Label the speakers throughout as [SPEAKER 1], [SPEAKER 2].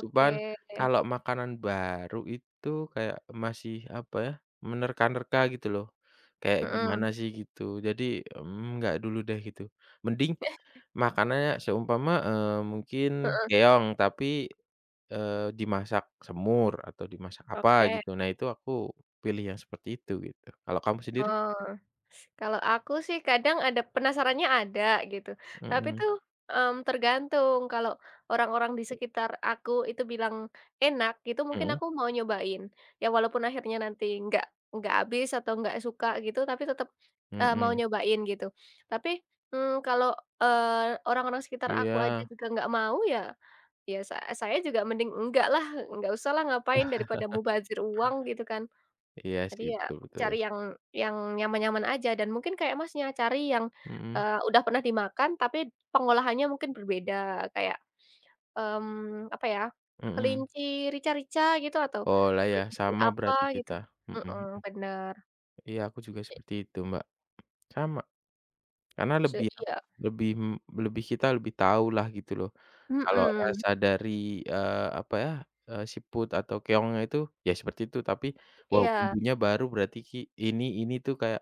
[SPEAKER 1] Cuman kalau makanan baru itu kayak masih apa ya, menerka-nerka gitu loh, kayak
[SPEAKER 2] Mhm.
[SPEAKER 1] gimana sih gitu, jadi, mmm, nggak dulu deh gitu. Mending makanannya seumpama, eee, mungkin
[SPEAKER 2] Heeh.
[SPEAKER 1] keong, tapi, eee, dimasak semur, atau dimasak apa
[SPEAKER 2] Oke.
[SPEAKER 1] gitu, nah itu aku pilih yang seperti itu gitu. Kalau kamu sendiri?
[SPEAKER 2] Oh. Kalau aku sih kadang ada penasarannya ada gitu, tapi
[SPEAKER 1] Mhm.
[SPEAKER 2] tuh, mmm, tergantung, kalau orang-orang di sekitar aku itu bilang enak gitu, mungkin
[SPEAKER 1] Mhm.
[SPEAKER 2] aku mau nyobain, ya walaupun akhirnya nanti nggak nggak habis atau nggak suka gitu, tapi tetep, eee, mau
[SPEAKER 1] Mhm.
[SPEAKER 2] nyobain gitu, tapi, mmm, kalau, eee, orang-orang sekitar aku aja
[SPEAKER 1] Iya.
[SPEAKER 2] juga gak mau ya, ya sa saya juga mending nggak lah, nggak usah lah, ngapain, daripada mubazir uang gitu kan.
[SPEAKER 1] Iya
[SPEAKER 2] Jadi
[SPEAKER 1] sih,
[SPEAKER 2] ya
[SPEAKER 1] betul
[SPEAKER 2] cari
[SPEAKER 1] betul.
[SPEAKER 2] yang yang nyaman-nyaman aja dan mungkin kayak Masnya, cari yang,
[SPEAKER 1] Mhm.
[SPEAKER 2] eee, udah pernah dimakan tapi pengolahannya mungkin berbeda kayak, mmm, apa ya,
[SPEAKER 1] Mhm.
[SPEAKER 2] kelinci rica-rica gitu, atau
[SPEAKER 1] Oh, lah ya
[SPEAKER 2] kelinci
[SPEAKER 1] sama
[SPEAKER 2] apa
[SPEAKER 1] berarti
[SPEAKER 2] gitu,
[SPEAKER 1] kita, mhm mhm.
[SPEAKER 2] mhm, bener.
[SPEAKER 1] Iya aku juga
[SPEAKER 2] I
[SPEAKER 1] seperti itu Mbak. Sama. Karena
[SPEAKER 2] Se
[SPEAKER 1] lebih ap
[SPEAKER 2] iya.
[SPEAKER 1] lebih, mmm, lebih kita lebih tahu lah gitu loh kalau
[SPEAKER 2] Mhm.
[SPEAKER 1] rasa dari, eee, apa ya, EEE, siput atau keongnya itu ya seperti itu, tapi wow
[SPEAKER 2] Iya.
[SPEAKER 1] bumbunya baru berarti ki ini ini tuh kayak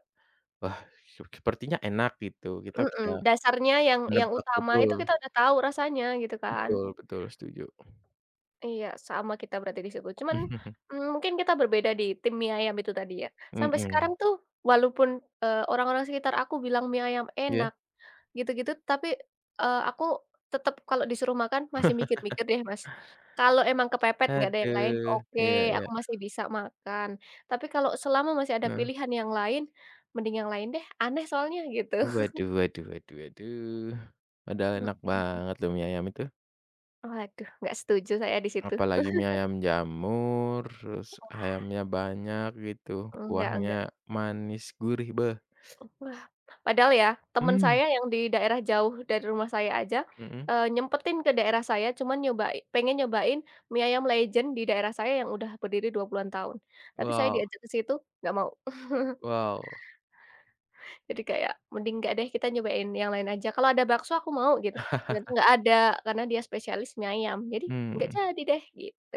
[SPEAKER 1] wah sur sepertinya enak gitu, kita bisa
[SPEAKER 2] Mhm, dasarnya yang yang
[SPEAKER 1] menebak,
[SPEAKER 2] utama
[SPEAKER 1] betul.
[SPEAKER 2] itu kita udah tahu rasanya gitu kan.
[SPEAKER 1] Betul betul, setuju.
[SPEAKER 2] Iya sama kita berarti di situ, cuman, mmm, mungkin kita berbeda di tim mie ayam itu tadi ya, sampai sekarang
[SPEAKER 1] Mhm.
[SPEAKER 2] tuh walaupun, eee, orang-orang sekitar aku bilang mie ayam
[SPEAKER 1] Iya.
[SPEAKER 2] enak gitu-gitu, tapi, eee, aku tetep kalau disuruh makan masih mikir-mikir deh, Mas, kalau emang kepepet nggak ada yang lain,
[SPEAKER 1] Aduh,
[SPEAKER 2] oke
[SPEAKER 1] iya iya.
[SPEAKER 2] aku masih bisa makan, tapi kalau selama masih ada
[SPEAKER 1] Heeh.
[SPEAKER 2] pilihan yang lain mending yang lain deh, aneh soalnya gitu.
[SPEAKER 1] Waduh waduh waduh waduh. Padahal enak
[SPEAKER 2] Mhm.
[SPEAKER 1] banget loh mie ayam itu.
[SPEAKER 2] Aduh gak setuju saya di situ.
[SPEAKER 1] Apalagi mie ayam jamur, terus
[SPEAKER 2] Wah.
[SPEAKER 1] ayamnya banyak gitu,
[SPEAKER 2] Enggak enggak.
[SPEAKER 1] kuahnya manis gurih, beh.
[SPEAKER 2] Wah, padahal ya temen
[SPEAKER 1] Mmm.
[SPEAKER 2] saya yang di daerah jauh dari rumah saya aja,
[SPEAKER 1] Mhm.
[SPEAKER 2] eee, nyempetin ke daerah saya cuma nyoba pengen nyobain mie ayam legend di daerah saya yang udah berdiri 20-an tahun, tapi saya
[SPEAKER 1] Wow.
[SPEAKER 2] diajak ke situ nggak mau.
[SPEAKER 1] Wow.
[SPEAKER 2] Jadi kayak mending nggak deh, kita nyobain yang lain aja. Kalau ada bakso aku mau gitu, ternyata nggak ada, karena dia spesialis mie ayam, jadi nggak
[SPEAKER 1] Mmm.
[SPEAKER 2] jadi deh, gitu.